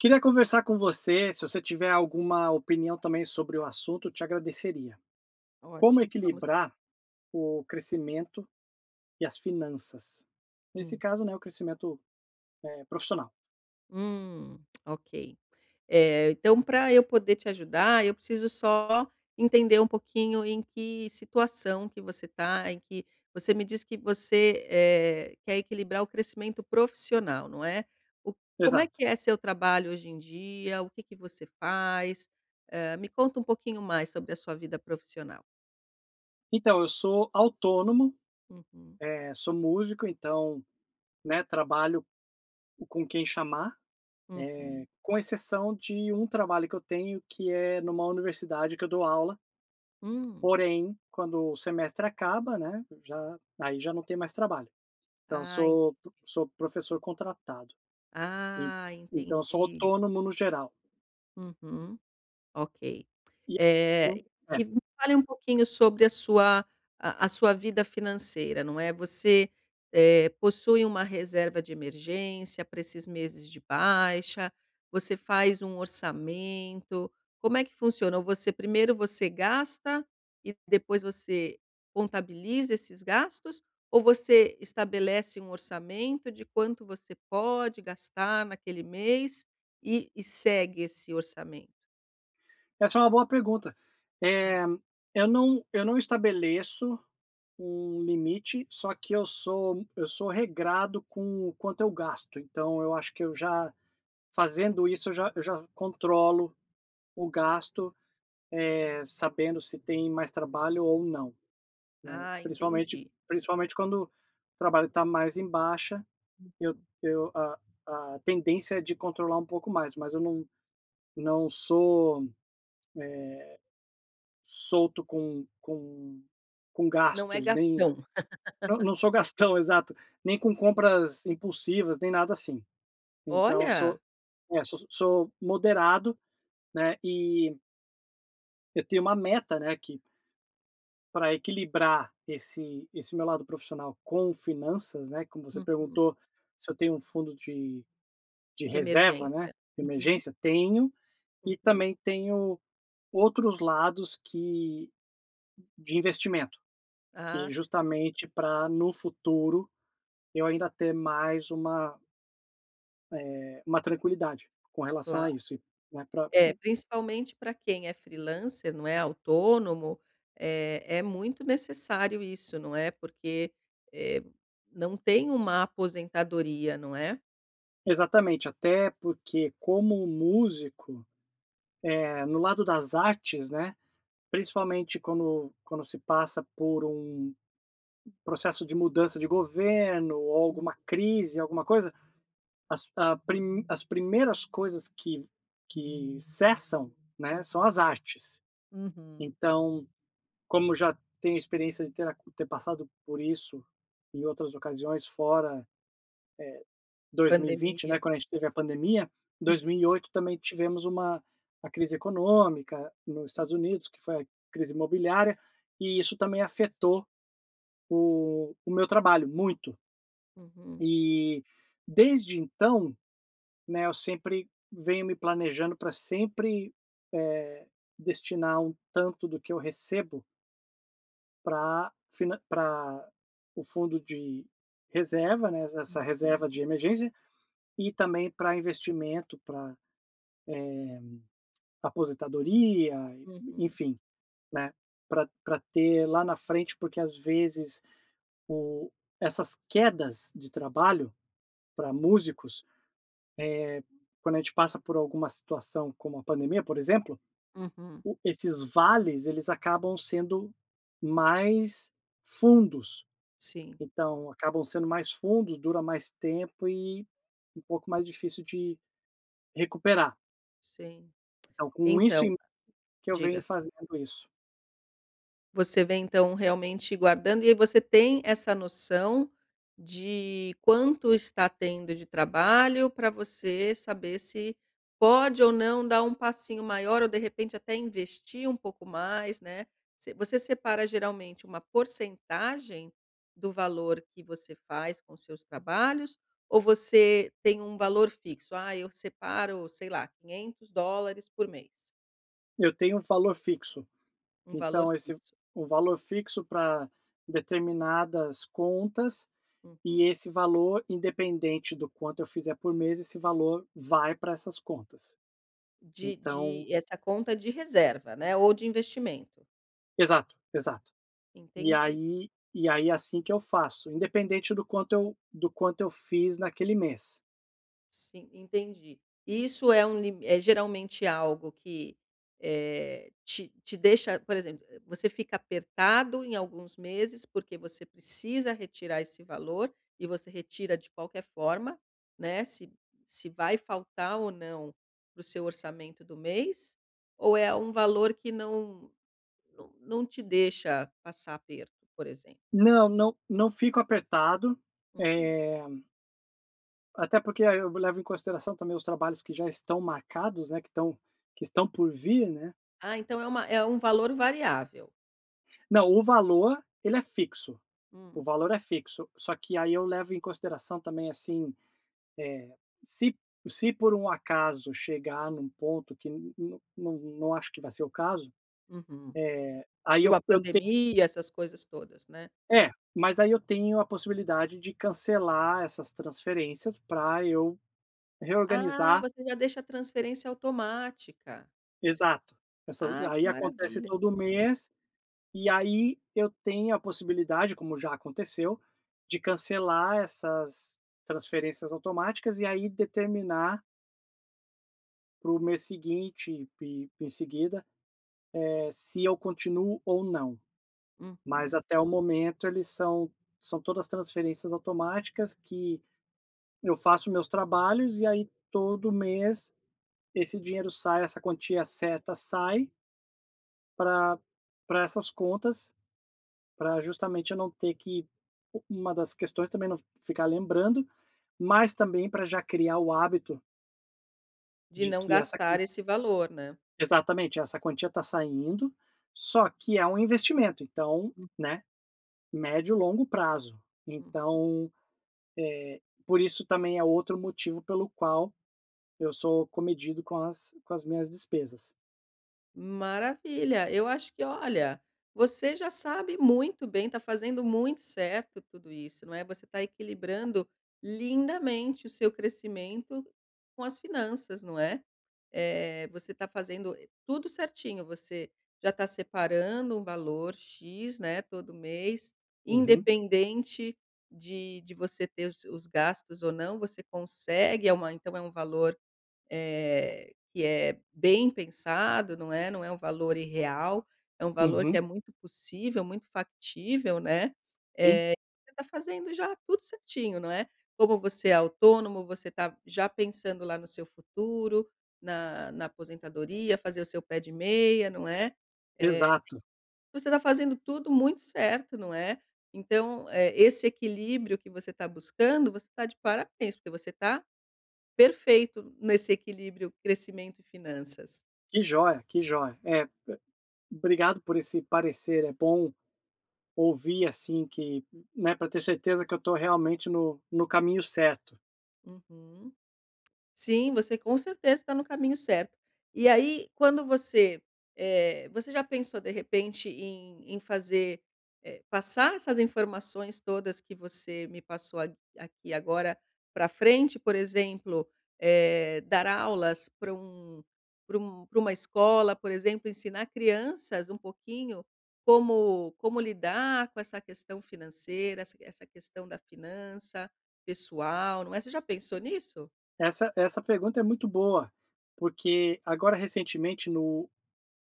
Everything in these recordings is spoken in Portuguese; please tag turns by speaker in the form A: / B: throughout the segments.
A: Queria conversar com você, se você tiver alguma opinião também sobre o assunto eu te agradeceria. Como
B: Ótimo vamos lá.
A: equilibrar o crescimento e as finanças? Nesse
B: Hum.
A: caso, né, o crescimento, eh, profissional.
B: Hum, ok. Eh, então pra eu poder te ajudar, eu preciso só entender um pouquinho em que situação que você tá, em que você me diz que você, eh, quer equilibrar o crescimento profissional, não é? O como é
A: Exato.
B: que é seu trabalho hoje em dia? O que que você faz? Eh, me conta um pouquinho mais sobre a sua vida profissional.
A: Então, eu sou autônomo,
B: Uhum.
A: eh, sou músico, então, né, trabalho com quem chamar. Eh,
B: Uhum.
A: com exceção de um trabalho que eu tenho que é numa universidade que eu dou aula.
B: Hum.
A: Porém, quando o semestre acaba, né, já aí já não tem mais trabalho. Então eu
B: Ah en
A: sou sou professor contratado, en
B: Ah
A: então eu sou
B: entendi.
A: autônomo no geral.
B: Uhum, ok.
A: E,
B: Eh,
A: então, eh
B: me fale um pouquinho sobre a sua a a sua vida financeira, não é, você eh, possui uma reserva de emergência pra esses meses de baixa, você faz um orçamento, como é que funciona? Você primeiro você gasta e depois você contabiliza esses gastos? Ou você estabelece um orçamento de quanto você pode gastar naquele mês e e segue esse orçamento?
A: Essa é uma boa pergunta,
B: Hum.
A: eh, eu não eu não estabeleço um limite só que eu sou eu sou regrado com o quanto eu gasto, então eu acho que eu já, fazendo isso eu já eu já controlo o gasto, eh, sabendo se tem mais trabalho ou não, né,
B: Ah
A: principalmente
B: entendi.
A: principalmente quando o trabalho está mais em baixa
B: Uhum.
A: eu eu a a tendência é de controlar um pouco mais. Mas eu não não sou, eh, solto com com com
B: Não é
A: gastos, nem
B: gastão.
A: não não sou gastão, exato, nem com
B: Entendi.
A: compras impulsivas nem nada, assim. Então eu
B: Olha!
A: sou, é, so so sou moderado, né, e eu tenho uma meta né que pra equilibrar esse esse meu lado profissional com finanças, né, como você
B: Uhum.
A: perguntou se eu tenho um fundo de de
B: De
A: reserva, né,
B: emergência,
A: de
B: uhum.
A: emergência, tenho e
B: Uhum.
A: também tenho outros lados que de investimento,
B: Ah,
A: que
B: sim.
A: justamente pra no futuro, eu ainda ter mais uma eh, uma tranquilidade com relação
B: Claro,
A: a isso, né, pra,
B: é
A: um.
B: principalmente pra quem é freelancer não é, autônomo é é muito necessário isso não é? Porque, eh, não tem uma aposentadoria, não é?
A: Exatamente, até porque como músico, eh, no lado das artes, né, principalmente quando quando se passa por um processo de mudança de governo ou
B: [unintelligible]
A: alguma crise, alguma coisa, as ah, prim as primeiras coisas que que cessam, né,
B: [unintelligible]
A: são as artes.
B: Uhum.
A: Então, como já tenho experiência de ter a ter passado por isso em outras ocasiões, fora, eh, 2020, né,
B: Pandemia.
A: quando a gente teve a pandemia. dois mil
B: Uhum.
A: e oito também tivemos uma uma crise econômica, nos
B: Sim.
A: Estados Unidos, que foi a crise imobiliária, e isso também afetou o o meu trabalho. Muito.
B: Uhum.
A: E, desde então, né, eu sempre venho me planejando pra sempre, eh, destinar um tanto do que eu recebo pra finan pra o fundo de reserva, né, es essa reserva de
B: [unintelligible]
A: emergência, e também para investimento, para, eh, aposentadoria, e
B: Uhum.
A: enfim, né. Pra pra ter lá na frente, porque às vezes o essas quedas de trabalho, para músicos, eh, quando a gente passa por alguma situação como a pandemia, por exemplo,
B: Uhum.
A: o esses vales, eles acabam sendo mais fundos.
B: Sim.
A: Então, acabam sendo mais fundos, dura mais tempo e um pouco mais difícil de recuperar.
B: Sim.
A: tão, com isso
B: Então.
A: em que eu venho
B: Diga.
A: fazendo isso.
B: Você vem então realmente guardando, e aí você tem essa noção de quanto está tendo de trabalho, pra você saber se pode ou não dar um passinho maior, ou de repente até investir um pouco mais, né. Você você separa geralmente uma porcentagem do valor que você faz com os seus trabalhos? Ou você tem um valor fixo? "Ai, eu separo, sei lá, $ 500 por mês".
A: Eu tenho um valor fixo.
B: Um valor
A: Então esse
B: fixo.
A: o valor fixo pra determinadas contas e
B: Uhum.
A: esse valor, independente do quanto eu fizer por mês, esse valor vai pra essas contas.
B: De de
A: Então
B: essa conta de reserva, né. Ou de investimento?
A: Exato, exato. E
B: Entendi.
A: aí e aí assim que eu faço. Independente do quanto eu do quanto eu fiz naquele mês.
B: Sim, entendi. Isso é um lim é geralmente algo que, eh, te te deixa por exemplo, eh, você fica apertado em alguns meses porque você precisa retirar esse valor, e você retira de qualquer forma, né, se se vai faltar ou não para o seu orçamento do mês? Ou é um valor que não não não te deixa passar aperto, por exemplo?
A: Não, não. Não fico apertado,
B: Uhum.
A: eh até porque a eh, eu levo em consideração também os trabalhos que já estão marcados, né, que estão que estão por vir, né?
B: Ah, então é uma é um valor variável?
A: Não, o valor, ele é fixo. O
B: Hum.
A: valor é fixo, só que aí eu levo em consideração também, assim, eh, se p se por um acaso chegar num ponto que, n n não acho que vai ser o caso,
B: Uhum.
A: eh, aí
B: De
A: eu
B: uma
A: eu te
B: pandemia, essas coisas todas, né?
A: É, mas aí eu tenho a possibilidade de cancelar essas transferências pra eu
B: Ah,
A: reorganizar
B: você já deixa a transferência automática.
A: Exato. Essas
B: Ai, que
A: aí acontece
B: maravilha!
A: todo mês, e aí eu tenho a possibilidade, como já aconteceu, de cancelar essas transferências automáticas e aí determinar para o mês seguinte ep e em seguida, eh, se eu continuo ou não.
B: Uhum.
A: Mas até o momento eles são são todas transferências automáticas, que eu faço meus trabalhos, e aí todo mês esse dinheiro sai, essa quantia certa sai pra pra essas contas, pra justamente eu não ter que u uma das questões também, não ficar lembrando, mas também pra já criar o hábito
B: De
A: de
B: não
A: que essa quan
B: gastar esse valor, né?
A: Exatamente, essa quantia tá saindo, só que é um investimento, então,
B: Hum.
A: né, médio-longo prazo.
B: Uhum.
A: Então, eh, por isso também é outro motivo pelo qual eu sou comedido com as com as minhas despesas.
B: Maravilha. Eu acho que, olha, você já sabe muito bem, está fazendo muito certo tudo isso, não é? Você está equilibrando lindamente o seu crescimento com as finanças, não é? Eh, você tá fazendo, eh, tudo certinho, você já tá separando um valor X, né, todo mês,
A: Uhum.
B: independente de de você ter os os gastos ou não, você consegue, é uma então é um valor, eh, que é bem pensado, não é? Não é um valor irreal, é um valor que
A: Uhum.
B: é muito possível, muito factível, né. Eh,
A: Sim.
B: você tá fazendo já tudo certinho, não é? Como você é autônomo, você está já pensando lá no seu futuro, na na aposentadoria, fazer o seu pé de meia, não é? Eh,
A: Exato.
B: você tá fazendo tudo muito certo, não é? Então, eh, esse equilíbrio que você tá buscando, você tá de parabéns, porque você tá perfeito nesse equilíbrio crescimento e finanças.
A: Que joia, que joia. É, be obrigado por esse parecer, é bom ouvir, assim, que, n né, para ter certeza que eu estou realmente no no caminho certo.
B: Uhum. Sim, você com certeza tá no caminho certo. E aí, quando você eh, você já pensou de repente em em fazer eh, passar essas informações todas que você me passou a aqui agora, pra frente? Por exemplo, eh, dar aulas pra um pra um para uma escola, por exemplo, ensinar crianças um pouquinho como como lidar com essa questão financeira, essa essa questão da finança pessoal, não é? Você já pensou nisso?
A: Essa essa pergunta é muito boa, porque, agora recentemente no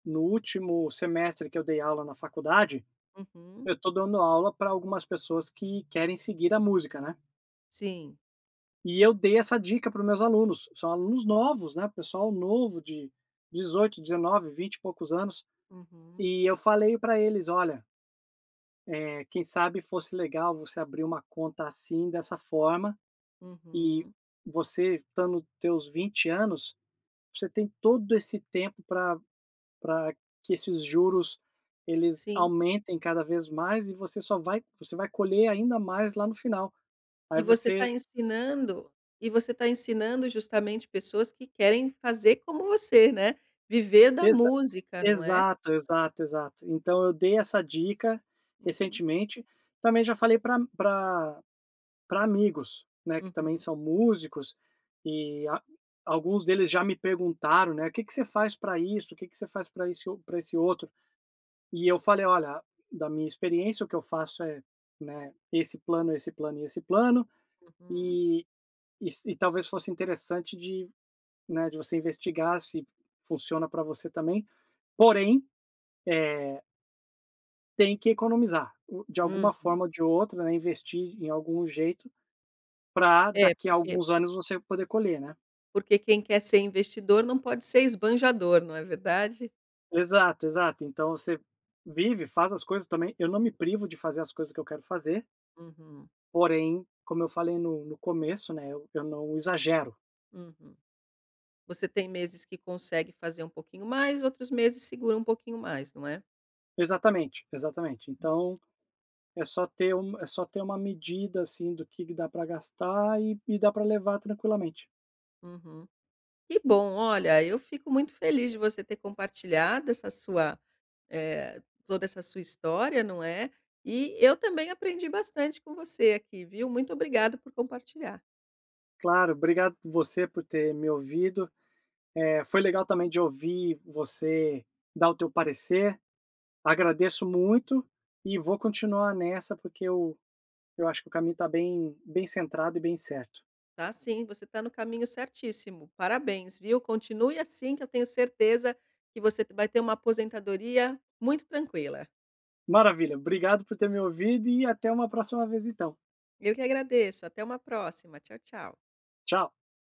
A: no último semestre que eu dei aula na faculdade,
B: Uhum.
A: eu tô dando aula pra algumas pessoas que querem seguir a música, né?
B: Sim.
A: E eu dei essa dica para os meus alunos. São alunos novos né, pessoal novo de 18, 19, 20 e poucos anos,
B: Uhum.
A: e eu falei pra eles: "Olha" eh, quem sabe fosse legal você abrir uma conta assim, dessa forma, e
B: Uhum.
A: você estando teus 20 anos, você tem todo esse tempo pra pra que esses juros, eles
B: Sim.
A: aumentem cada vez mais, e você só vai você vai colher ainda mais lá no final. Aí
B: E você tá
A: você
B: ensinando e você tá ensinando justamente pessoas que querem fazer como você, né. Viver da
A: Exa
B: música, não é?
A: exato, exato, exato. Então eu dei essa dica
B: Uhum.
A: recentemente. Também já falei pra a pra pra amigos, né, que também
B: Uhum.
A: são músicos, e a alguns deles já me perguntaram, né: "O que que você faz pra isso? O que que você faz pra esse o esse outro?", e eu falei: "Olha, da minha experiência, o que eu faço é, né, esse plano, esse plano e esse plano.
B: Uhum.
A: E e se talvez fosse interessante de, né, de você investigar se funciona pra você também. Porém, é" "tem que economizar, o de alguma
B: Uhum.
A: forma ou de outra, né, investir em algum jeito, pra
B: É,
A: daqui a
B: porque
A: alguns anos você poder colher, né".
B: porque quem quer ser investidor não pode ser esbanjador, não é verdade?
A: Exato, exato. Então você vive, faz as coisas também eu não me privo de fazer as coisas que eu quero fazer
B: Uhum.
A: porém, como eu falei no no começo, né, eu eu não exagero.
B: Uhum. Você tem meses que consegue fazer um pouquinho mais, outros meses segura um pouquinho mais, não é?
A: Exatamente, exatamente. Então, é só ter um é só ter uma medida, assim, do que que dá pra gastar e e dá pra levar tranquilamente.
B: Uhum. Que bom. Olha, eu fico muito feliz de você ter compartilhado essa sua eh, toda essa sua história, não é? E, eu também aprendi bastante com você aqui, viu. Muito obrigado por compartilhar.
A: Claro, obrigado você por ter me ouvido. Eh, foi legal também de ouvir você dar o teu parecer. Agradeço muito, e vou continuar nessa porque eu eu acho que o caminho tá bem bem centrado e bem certo.
B: Tá sim, você tá no caminho certíssimo, parabéns, viu? Continue assim, que eu tenho certeza que você p vai ter uma aposentadoria muito tranquila.
A: Maravilha, obrigado por ter me ouvido e até uma próxima vez então.
B: Eu que agradeço, até uma próxima, tchau, tchau.
A: Tchau.